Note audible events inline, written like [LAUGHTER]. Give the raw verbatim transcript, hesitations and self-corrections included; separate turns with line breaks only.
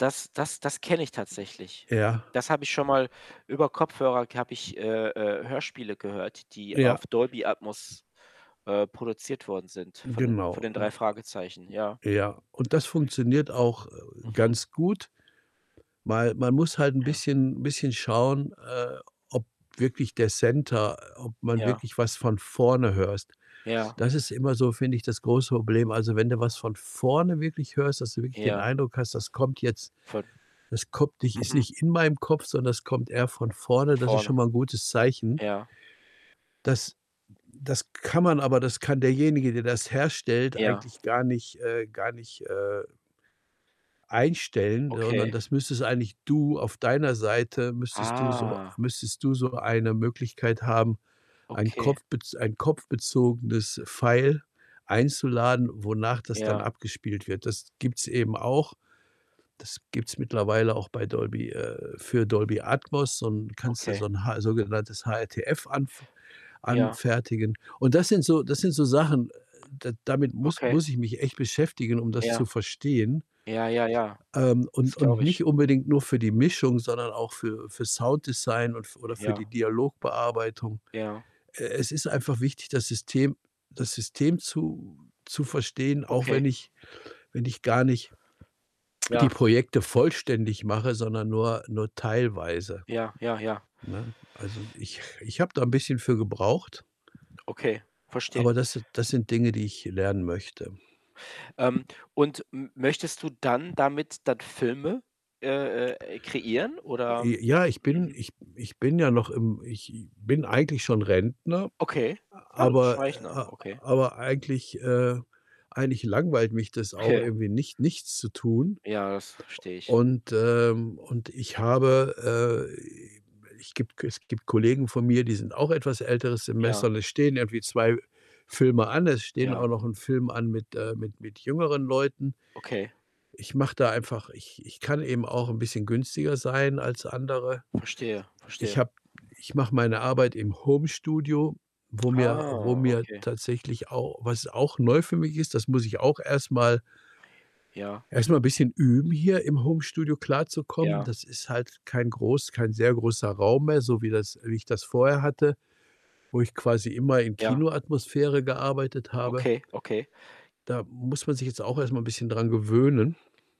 Das das das kenne ich tatsächlich.
Ja.
Das habe ich schonmal über Kopfhörer k habe ich, äh, äh, Hörspiele gehört, die auf
Ja.
Dolby Atmos, äh, produziert worden sind von de von
Genau,
den „3
ne?
Fragezeichen“, ja.
Ja, und das funktioniert auch, äh,
Mhm.
ganz gut. Weil man muss halt 'n
Ja.
bisschen bisschen schauen, äh, ob wirklich der Center ob man
Ja.
wirklich was von vorne hörst.
Ja.
Das ist immer so, finde ich, das große Problem. Also, wenn du was von vorne wirklich hörst, dass du wirklich den
Ja.
Eindruck hast, das kommt jetzt
Von
das kommt nicht ist
mhm.
nicht in meinem Kopf, sondern das kommt eher von
Von
vorne. Das ist schon
vorne.
mal 'n gutes Zeichen.
Ja.
Das das kann man aber das kann derjenige, der das herstellt,
Ja.
eigentlich gar nicht, äh gar nicht, äh einstellen, sondern
Okay.
das müsstest eigentlich du auf deiner Seite müsstest du so
Ah.
müsstest du so eine Möglichkeit haben, ein
Okay.
Kopfbez ein kopfbezogenes File einzuladen, wonach das dann
Ja.
abgespielt wird. Das gibt's eben auch. Das gibt's mittlerweile auch bei Dolby äh, für Dolby Atmos, so 'n kannst du so
Okay.
'n Ha sogenanntes HRTF anf
Ja.
anfertigen. Und das sind so das sind so Sachen, äh, da damit muss
Okay.
muss ich mich echt beschäftigen, um das zu
Ja.
verstehen.
Ja, ja, ja.
Ähm,
Das
und und
glaube
nicht
ich.
unbedingt nur für die Mischung, sondern auch für für Sounddesign und f oder für
Ja.
die Dialogbearbeitung.
Ja.
E es ist einfach wichtig, das System das System zu zu verstehen, auch
Okay.
wenn ich wenn ich gar nicht die
Ja.
Projekte vollständig mache, sondern nur nur teilweise,
Ja, ja, ja.
ne? Also, ich ich habe da 'n bisschen für gebraucht
Okay, verstehe.
aber das das sind Dinge, die ich lernen möchte.
Ähm, und m möchtest du dann damit dann Filme, äh, äh, kreieren oder
J ja, ich bin
mhm.
ich ich bin ja noch im ich i bin eigentlich schon Rentner,
Okay.
aber äh,
[UNINTELLIGIBLE] okay.
aber eigentlich, äh eigentlich langweilt mich das auch
Ja.
irgendwie nicht nichts zu tun.
Ja, das verstehe ich.
Und ähm, und ich habe, äh ich gibt es gibt Kollegen von mir, die sind auch etwas älteres Semester
Ja.
und es stehen irgendwie zwei Filme an. Es stehen
Ja.
auch noch 'n Film an mit äh, mit mit jüngeren Leuten.
Okay.
Ich mache da einfach ich ich kann eben auch 'n bisschen günstiger sein als andere.
Verstehe,
Ich
verstehe.
habe ich mache meine Arbeit im Homestudio, wo mir wo
Ah,
mir
okay.
tatsächlich auch was auch neu für mich ist, das muss ich auch erstmal
Ja.
erstmal 'n bisschen üben, hier im Homestudio klarzukommen.
Ja.
Das ist halt kein groß kein sehr großer Raum mehr, so wie das wie ich das vorher hatte, wo ich quasi immer in
Ja.
Kinoatmosphäre gearbeitet habe.
Okay, okay.
Da muss man sich jetzt auch erstmal 'n bisschen dran gewöhnen.